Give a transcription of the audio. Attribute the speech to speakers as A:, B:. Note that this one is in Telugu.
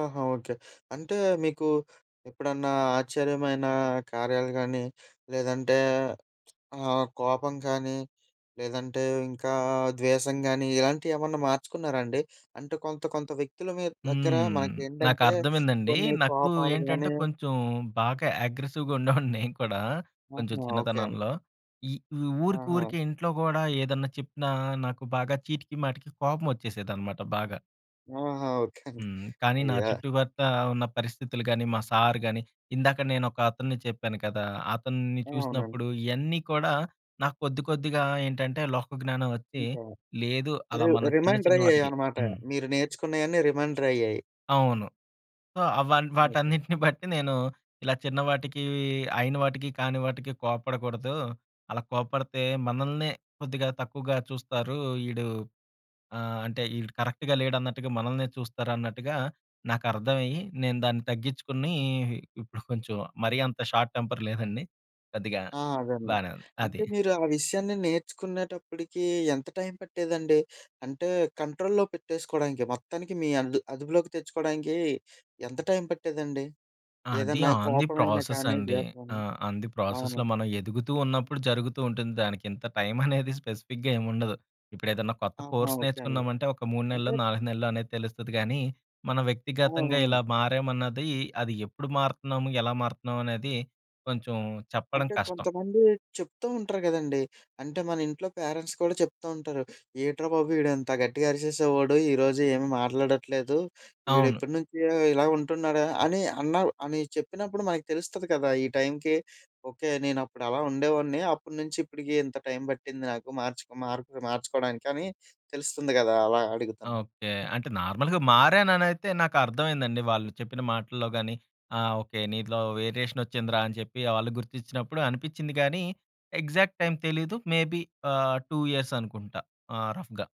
A: ఆహా! ఓకే. అంటే మీకు, ఎప్పుడన్నా ఆశ్చర్యమైన కార్యాలు గానీ, లేదంటే ఆహ్, కోపం గానీ, లేదంటే ఇంకా ద్వేసం గానీ ఇలాంటియేమన్నా మార్చుకున్నారాండి? అంటే కొంత, కొంత వ్యక్తులు మీ దగ్గర
B: హ్మ్.
A: మనకేంటంటే
B: నాకర్థమైందండి.
A: కొన్ని
B: నాకు
A: కోపాలు
B: ఏంటంటే
A: గాని
B: కొంచెం బాగా ఆగ్రెసివ్‌గా ఉండేవాడ్ని నేను కూడా. కొంచెం
A: ఆహా! ఓకే ఆన్
B: చిన్నతనంలో. ఈ ఊ
A: ఆహా!
B: ఊరికూరికే ఇంట్లో గూడా ఏదన్నా చెప్పినా, నాకు బాగా చీటికి మాటికి కోపమొచ్చేసేదన్నమాట బాగా.
A: ఆహా! ఓకే అండి.
B: హ్మ్. కానీ, నా
A: అయ్యో!
B: చుట్టుపక్క ఉన్న పరిస్థితులు గాని, మా సార్ గాని, ఇందాక నేను ఒకతన్ని చెప్పాను కదా! అతన్ని
A: అవునండి.
B: చూసినప్పుడు ఇయన్నీ కూడా నాకు కొద్ది, కొద్దిగా ఏంటంటే లోక‌జ్ఞానం వచ్చి,
A: ఇంకా
B: లేదు అలా
A: రి
B: మళ్ళ చిన్న,
A: రిమైండర్
B: చిన్న వాటికి
A: అయ్యాయనమాట.
B: హ్మ్.
A: మీరు నేర్చుకున్నయన్నీ రిమైండరయ్యాయి.
B: అవును. సో, అవ
A: ఓకే.
B: వాటన్నిటిని బట్టి నేను, ఇలా చిన్నవాటికి అయిన వాటికి కాని వాటికీ కోప్పడకూడదు. అలా కోప్పడితే, మనల్నే కొద్దిగా తక్కువగా చూస్తారు. ఈడు ఆహ్, అంటే ఈడు కరెక్ట్‌గా లేడు అన్నట్టుగా మనల్నే చూస్తారన్నట్టుగా, నాకర్థమయ్యి, నేను దాన్ని తగ్గిచ్చుకుని ఇప్పుడు కొంచెం మరీ అంత షార్ట్ టెంపర్ లేదండి. కొద్దిగా
A: ఆ! అదండి.
B: బానే ఉంది.
A: అంటే,
B: అది.
A: మీరు ఆ విషయాన్ని నేర్చుకునేటప్పటికి ఎంత టైం పట్టేదండి? అంటే, కంట్రోల్లో పెట్టేసుకోడానికి మొత్తానికి మీ అందు అదుపులోకి తెచ్చుకోడానికి, ఎంత టైం పట్టేదండి?
B: అది
A: ఏదన్నా
B: ఆన్ ది
A: కోపం అయిన
B: ప్రాసెస్
A: కానీ,
B: అండి.
A: ద్వేసం
B: ఆ
A: అయిన.
B: ఆన్ ది ప్రాసెస్‌లో,
A: అవునా?
B: మనం ఎదుగుతూ ఉన్నప్పుడు జరుగుతూ ఉంటుంది. దానికి ఇంత టైం అనేది స్పెసిఫిక్‌గా ఏముండదు. ఇప్పుడు ఏదైనా కొత్త
A: ఆహా!
B: కోర్స్
A: ఓకే అండి.
B: నేర్చుకున్నామంటే ఒక 3
A: అంటే
B: నెల్లో, 4 నెల్లో అనేది తెలుస్తది గానీ, మనం
A: అవును.
B: వ్యక్తిగతంగా ఇలా
A: అవును.
B: మారామన్నది, అది ఎప్పుడు మారతన్నాము ఎలా మారతన్నాం అనేది కొంచెం చెప్పడం
A: అంటే
B: కష్టం.
A: కొంతమంది చెప్తూ ఉంటరు గదండీ! అంటే, మన ఇంట్లో పేరెంట్స్ కూడా చెప్తూ ఉంటరు. ఏంట్రా బాబు ఈడింత గట్టిగా అరిశేసేవాడు, ఈరోజు ఏమీ మాట్లాడట్లేదు.
B: అవును.
A: ఈడెప్పటి నుంచి ఇలా ఉంటున్నాడా? అని అన్నా అని చెప్పినప్పుడు మనకు తెలుస్తది కదా! ఈ టైంకి, ఓకే నేనప్పుడు అలా ఉండేవాడిని. అప్పడు నుంచి ఇప్పటికి ఇంత టైం పట్టింది నాకు మార్చుకో మార్ మార్చుకోవడానికని తెలుస్తుంది గదా అలా అడుగుతున్నా.
B: ఓకే. అంటే, నార్మల్‌గా మారాననైతే నాకర్థమైందండి. వాళ్ళు చెప్పిన మాటల్లో గాని అహ్, ఓకే నీలో వేరియేషన్ వచ్చిందిరా, అని చెప్పి వాళ్ళు గుర్తించినప్పుడు అనిపిచ్చింది గానీ, ఎగ్జాక్ట్ టైం తెలీదు. మేబి ఆహ్, 2 ఇయర్స్ అనుకుంటా ఆహ్, రఫ్‌గా.